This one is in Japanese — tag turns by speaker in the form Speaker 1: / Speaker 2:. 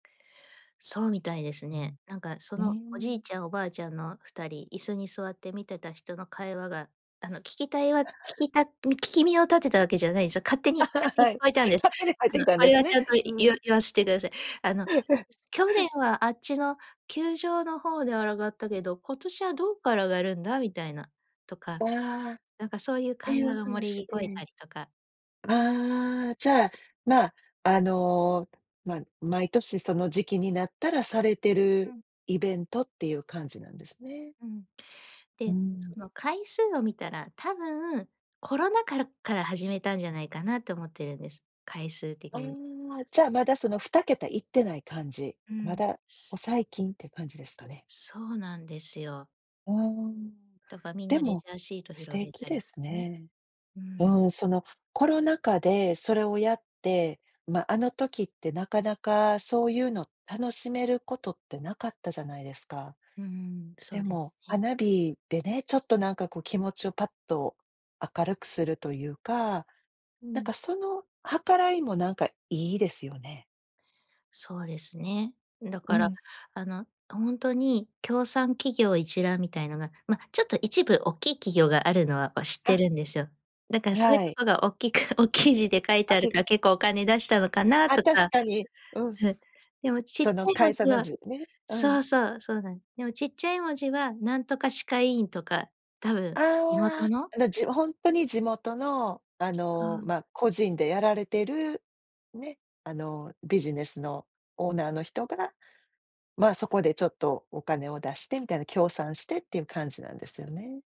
Speaker 1: そうみたいです
Speaker 2: うん、
Speaker 1: ね。なんかそ
Speaker 2: うー
Speaker 1: のおじい
Speaker 2: ん。
Speaker 1: ちゃんおばあちゃんの2人、椅子に座って見てた人の会話が、あの聞きたいわ聞きたみ聞耳を立てたわけじゃないですよ。勝手に勝 手に
Speaker 2: は
Speaker 1: 聞
Speaker 2: い、
Speaker 1: こえたんです。
Speaker 2: 勝手に入っ
Speaker 1: あ
Speaker 2: てき
Speaker 1: の
Speaker 2: たん
Speaker 1: こ
Speaker 2: で
Speaker 1: れ
Speaker 2: す
Speaker 1: は
Speaker 2: ね。
Speaker 1: ちゃんとい
Speaker 2: う
Speaker 1: 言わ
Speaker 2: ん。
Speaker 1: 言わせてください。あの 「去年はあっちの球場の方で上がったけど、今年はどっから上がるんだ？」みたいなとか、
Speaker 2: ああ。っ
Speaker 1: なんかそういう
Speaker 2: て
Speaker 1: 会
Speaker 2: い
Speaker 1: 話
Speaker 2: う
Speaker 1: がもれ
Speaker 2: 話
Speaker 1: ぎこえ
Speaker 2: で。
Speaker 1: たりとか。
Speaker 2: ああ、じゃあ、ま、あの、ま、毎年その時期になったらされて
Speaker 1: う
Speaker 2: る
Speaker 1: ん。
Speaker 2: イベントっていう感じなんですね。
Speaker 1: うん。
Speaker 2: う
Speaker 1: で、
Speaker 2: ん。
Speaker 1: その回数を見たら、多分コロナ禍からっから始めたんじゃないかなと思ってるんです。回数
Speaker 2: あ
Speaker 1: 的に。
Speaker 2: あ。じゃあまだその2桁いってない感じ、
Speaker 1: う
Speaker 2: ま
Speaker 1: ん。
Speaker 2: だ、
Speaker 1: す
Speaker 2: お、最近って感じですかね？
Speaker 1: そうなんですよ。
Speaker 2: うーん、
Speaker 1: だか、みん
Speaker 2: で
Speaker 1: なレ
Speaker 2: も、
Speaker 1: ジャーシート
Speaker 2: 素
Speaker 1: 広げ
Speaker 2: 敵
Speaker 1: た
Speaker 2: で
Speaker 1: りし
Speaker 2: す
Speaker 1: てね、
Speaker 2: ね。
Speaker 1: うん。
Speaker 2: うん、そのコロナ禍で、それをやって、ま、あの時ってなかなかそういうの楽しめることって、なかったじゃないですか。
Speaker 1: うんうん、そ
Speaker 2: で
Speaker 1: うです
Speaker 2: も、
Speaker 1: ね。
Speaker 2: 花火でね、ちょっとなんかこう、気持ちをパッと明るくするというか、
Speaker 1: う
Speaker 2: なん
Speaker 1: ん。
Speaker 2: かその計らいもなんかいいですよね。
Speaker 1: そうですね。だ
Speaker 2: う
Speaker 1: から
Speaker 2: ん。
Speaker 1: あの、ほんとに協賛企業一覧みたいのが、ま、ちょっと一部おっきい企業があるのは、ま、知って
Speaker 2: あ。
Speaker 1: るんですよ。だからそういう
Speaker 2: は
Speaker 1: と
Speaker 2: い。
Speaker 1: こがおっきくおっきい字で書いて
Speaker 2: あ、
Speaker 1: ある
Speaker 2: け
Speaker 1: から結構お金出したのかな
Speaker 2: ああ、
Speaker 1: と
Speaker 2: 確
Speaker 1: か。
Speaker 2: かに。うん。
Speaker 1: うん、でもちっち
Speaker 2: その
Speaker 1: ゃい文
Speaker 2: 会社
Speaker 1: 字
Speaker 2: の
Speaker 1: は
Speaker 2: 字ね。う
Speaker 1: そ
Speaker 2: ん。
Speaker 1: うそう、そうなんでもちっちゃい文字は何とか歯科医院とか多
Speaker 2: あ
Speaker 1: 分地元
Speaker 2: あ、
Speaker 1: の。
Speaker 2: あなじもほんとに地元の、あ
Speaker 1: そ
Speaker 2: の
Speaker 1: う。
Speaker 2: ま、個人でやられてる、ね、あのビジネスのオーナーの人が、ま、そこでちょっとお金を出してみたいな、協賛してっていう感じなんですよね。